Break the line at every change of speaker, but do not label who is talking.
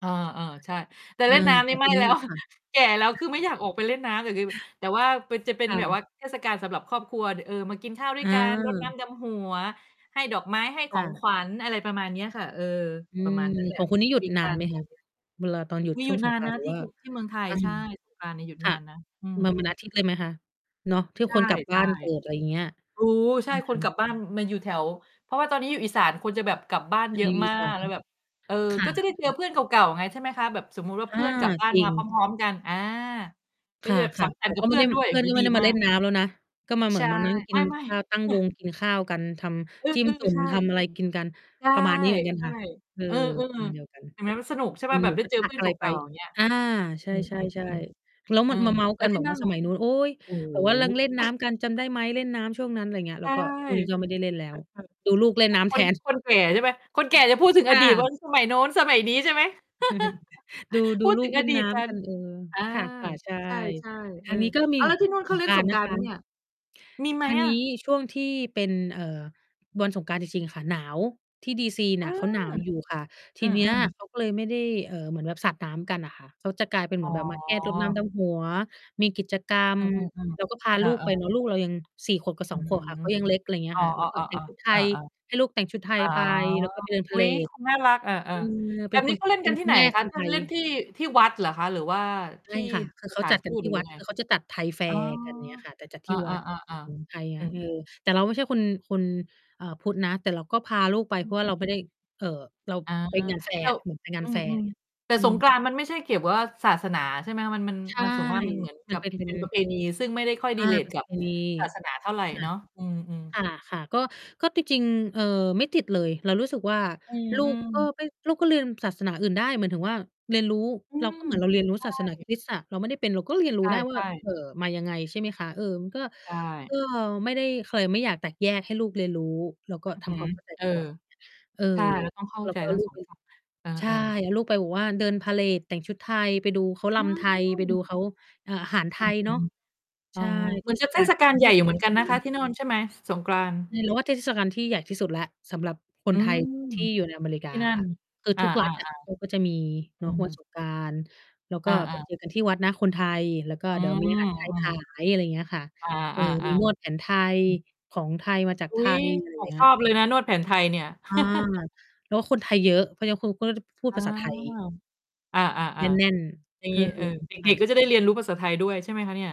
เออ
ใช่ค่ะ
ๆ ใช่ แต่
อื
เล่น
อ
น้ำ
ข
นี
อ
่
ง
ไ
ค
ม
ุ
่
ณนี
แล
่
้ว
ค่ะ
แก่แล้ว คือไม่อยากออกไปเล่นน้ำอย่างงี้ แต่ว่าเป็น จะเป็น
ค่
แบบว
ะ
่าเทศกาลสำหรับครอบครัว ด เออ มากินข้าวด้วยกัน รดน้
เออ
ำดำหัว ให้ดอกไม้ ให้ข
ค่
อง
ะ
ขวัญ อะไรประมาณเนี้ยค่ะ เออ
อื
ประ
ม
มาณ นั้นแหล
ข
ะ
องค
น
ุ
ั
ณ
่
น
ง
ี่หย
ค
ุ
ุ
ด
ย
น
ก
า
ั
น
น
ไหม
อื
คะ?
อฮึ
เวลาตอนหยุด
มี
ช
ห
่
ยุ
ว
ด
งส
นา
ง
น
กรา
น
นต
ะ
์ หรื
ท
อ
ี่
ว่า
คุ ที่เมืองไทย
อา
ใช่ สงกรานต์นี้หยุด
ค
น
่
า
ะ
นนะ อื
มาวัน
ม
อ
ๆ
าทิตย์เลยไหมคะ? เนาะ ทุ
ใ
ก
ช
คนกลับบ้
่
านเกิด อะไรอย่างเงี้ย
ๆ รู้
อื
ใช่
ม
ค
ค
น
่
กลั
ะ
บบ้านมาอยู่แถว เพราะว่าตอนนี้อยู่อีสาน คนจะแบบกลับบ้าน
ใช
เยอ
่
ะมา
ค่ะ
ก แล้วแบบ เออ
ค่
ก็จะได้เจอ
ะ ๆ
เพื่อนเก่า ๆ ไง ใช่ไหมคะ แบบสมมุติว่า
อ
เพ
า
ื่อนกลับบ้า
จ
น
ริ
มาพ
ง
ร้อม ๆ กัน อา
ค
ก็
่
จะแบบสั
ะ
ง ส
ๆ
ร
แต
รค
่
์ กั
ก
บ
็
เ
ไ
พ
ม่
ื่
ไ
อ
ด
น
้
ด้วย
เ
อ
พ
ย่
ื่
า
อ
ง
น
นี
ก
้
็ไม
ด
่
ี
ได้มา
มา
เล่
ก
นน้ำแล้วนะ ก็มาเหม
ใช
ือ
่
นมานั่งก
ไ
ิน
ม่
ข้าว
ๆ
ตั้งวงกินข้าวกัน ท
เออ
ำจิ้มจุ่
ๆ ใ
ม
ช่
ทำอะไรกินกัน
ใช่
ประมาณนี้เหมือนกันค่ะ เออ
ๆ เออ
ประมาณเ
ๆ
ดียวกัน
เห็นไหมมันสนุกใช่
ก
เป
ิ
ล่
น
า? แ
ห
บ
ม
บ
ู
ได้
กระ
เจ
ท
อ
ะ
เพื่อ
อ
น
ะ
เ
ไรไ
ก
ป
่า ๆ อย่างเงี้ย
อา ใช
อ
่
ือ ๆ
ๆ ๆ แล้ว
ๆ อ
มั
ื
น
ม
มาเมาท์
แล้
กั
ว
น
ท
แ
ี
บ
่
บ
นั
ว
่
่า
น
ส
ล่ะ?
มัยนู้น โอ๊ย
โอ้
แ
โ
บบว่าลัง เล่น
ฮ
น้ำกันจำได้ไหม? เล่นน้ำช่วงนั้น อะไรเงี้ย
ใช
แล้ว
่
ก็ อุ๊ย ก็ไม่
เ
ได้เล่นแล้ว ดูลูกเล่น
ออ
น้
ๆ
ำ
ค
แท
น
น
คน แก่ใช่ไหม? คนแก่จะพูดถึง
ค
อ
่
ดีตว่า
ะ
อ สมัยโน้น สมัยนี้ใช่ไหม?
ดู ด
พ
ู
ูด
ลู
ถึ
ก
ง
เ
อ
ล่น
ดี
น
ต
้
กั
ำก
น
ัน เออ
อา
ค่ะ ๆ ใช่
ใช่ ๆ เ
อ
อ
ั
อ
นนี้ก็มี
อ้าว แล้วที่นู่น
ส
เขา
ง
เล่
ก
น
รา
ส
นต
ง
์น
กร
ะ
า
ค
นต์ ไหมเนี่
ะ
ย มีไห
ท
ม
าง
อ
น
ะ?
ี้ช่วงที่เป็น เอ่อ วันสงกรานต์จริง ๆ ค่ะหนาว ที่ D.C. เ
อ
น
ื
ี่ยเข
ม
าหนาวอยู่ค่ะ ท
อ
ี
ื
เนี้ย
อ ๆ
เขาก็เลยไม่ได้ เอ่อ เหมือนแบบสาดน้ำกันน่ะค่ะ เขาจะกลายเป็นเ
อ
หม
๋
ือนแบบมาแค่รดน้
อ
ำดำหัว มีกิจกรร
อ
ม
า อือ
แล้วก็พา
ๆ เอ
ลูก
อ
ไป
ๆ
เนาะ ลูกเรายัง 4 ขวบกับ
อ
ส
ื้
อ
อ
ง ข
ฮ
วบ
ื
ค่ะ ก
อ
็ยังเล็ก อะไรเงี
เ
้
อ
ย
อ
ค่ะ แล้วก็แต่ง
ๆ
ชุด
ๆ
ไท
ๆ เออ
ย
ๆ
ให้ลูกแต่งชุดไท
อ
ย
๋อ
ไป แล้วก็ไปเดินพ
อ
า
ุ
เ
๊
หร
ย เ
ด
ขา น่ารัก อา
อือ
ๆ แ
เ
บ
ป็น
บ
ค
นี้
น
เขาเล่น
เป
ก
็
ั
น
นที
ค
่
ุ
ไ
ณ
หน
แม่
ค
ค
ะ?
น
เล
ไ
่
ท
น เ
ย
ล่นที่ ที่วัดเหรอคะ หรือว่า
ใช
ท
่
ี่
ค่ะ คือ
ส
เขา
ถา
จั
น
ด
ท
กั
ู
น
ต
ที
หร
่
ือ
ว
ย
ั
ั
ด
งไง?
คือเขาจะจัดไทยแฟ
อ๋อ
ร์กัน เงี้ยค่ะ แต่จัด
เอ
ท
อ
ี่วัด
ๆ
ของไทย
ๆ ๆ อ
ค
ื
่ะ นี่
อ ๆ
เรา แต่เราไม่ใช่คน คน เอ่อ พุทธนะ แต่เราก็พาลูกไป
อ
เ
ื
พ
อ
ราะว่
อ
า
ื
เรา
ม
ไม่ได้ เอ่อ เรา
อา
ไปงานแฟ
แ
ร
ต
์
่
อะ เหมือนไปงา
อื
นแฟร์ ไร
อ
เงี้ย
ๆ แต่
อื
ส
อ
งกรานต์มันไม่ใช่เกี่ยวว่าศาสนาใช่ไหมคะ? มัน มัน
ใช่
มัน ส่วนมากมันเหมือน
ม
ก
ั
ั
น
บ
เป็น เป็
เป็
น
นประเพณี ซึ่งไม่ได้ค่อย
อา ป
relate
ระ
ก
เพ
ับ
ณี
ศาสนาเท่าไร
ค่ะ
เนาะ อือ ๆ
ค่ะ ๆ ก็ ก็จริง ๆ เอ่อ ไม่ติดเลย เรารู้สึกว่า
อือ
ลู
อื
กก็
ม
ไม่ ลูกก็ลืมศาสนาอื่นได้ หมายถึงว่าเรียนรู้
อื
เรา ก็
ม
เหมือนเราเ
ใ
ร
ช
ียนรู้ศาสนาค
่
ริสต์อะ เราไม่ได้เป็นเราก็เรียนร
ใ
ู้ได้ว่
ช
า
่
เ
ๆ
อ่อ มายังไง ใช่ไหมคะ เอ่อ มันก็
ใช
ก
่
็ไม่ได้ ใครไม่อยากแตกแยกให้ลูกเรียนรู้ เราก็
อือ
ท
ฮึ
ำความเข้าใจ
เอ
ด
อ
ีกว่า เออ
ใช่เราต้องเข้า
แล้ว
ใจ
ก็เอ
ท
า
ั้ง
ลู
ส
ก
อ
ไ
ง
ป
ฝั่ง เออ
ใช่
ๆ
ให้ลูกไปแบบว่าเดินพาเหรด แต่งชุดไทย ไปดูเขา
อ
รำไทย ไปดู
ืม
เขา เอ่อ อาหารไท
อือ
ย
ฮ
เน
ึ
าะ ใ
อ
ช
๋อ
่
เหม
เท
ือนจ
ศ
ะเ
ก
ท
าล
ศก
เ
า
ป
ล
็น
ใ
เ
ห
ท
ญ่ อ
ศ
ยู่ เ
ก
หม
า
ื
ล
อน
ท
ก
ี
ั
่
น
ดี
นะค
ม
ะ
าก
ที่โน่น ใช่ไหม สงกรานต์?
เนี่ยเราว่า เทศกาลที่ใหญ่ที่สุดแล้ว สำหรับค
อ
น
ื
ไทย
ม
ที่อยู่ในอเมริก
ท
า
ี่น
อ
ั
ะ
่
ค่
น
ะ คือ
อ
ท
า
ุกรัฐอะเขาก็จะมี
ๆ ๆ อ
เน
ื
าะ วัน
ม
สงกรานต์ แล้วก
อ
็ไป
า ๆ
เจอกันที่วัดนะ คนไทย แล้วก็
อื
เดี๋ยวมีอาหา
อ
ร ไทย
อื
ข
อ
าย อะไรอย่างเงี้ยค่ะ
อา
เออ มีน
ๆ
วด
ๆ
แผนไทย
อืม
ของไทยมาจาก
อ
ไ
ุ
ท
๊ย
ย อะไร
ข
อย่
อ
าง
ง
เงี้
ช
ย
อบเลยนะ นวดแผนไทยเนี่ย
อา แล้วคนไทยเยอะ เขายังคงพูด พ พูด
อา
ภาษาไทย
อ
แ
า
น่น
ๆ ๆ อย่า
ๆ เ
ง
อ
ง
อ
ี้ เออ เ
ค
ด
่
็ก
ะ
ๆ ก็จะได้เรียนรู้ภาษาไทยด้วย ใช่ไหมคะเนี่ย?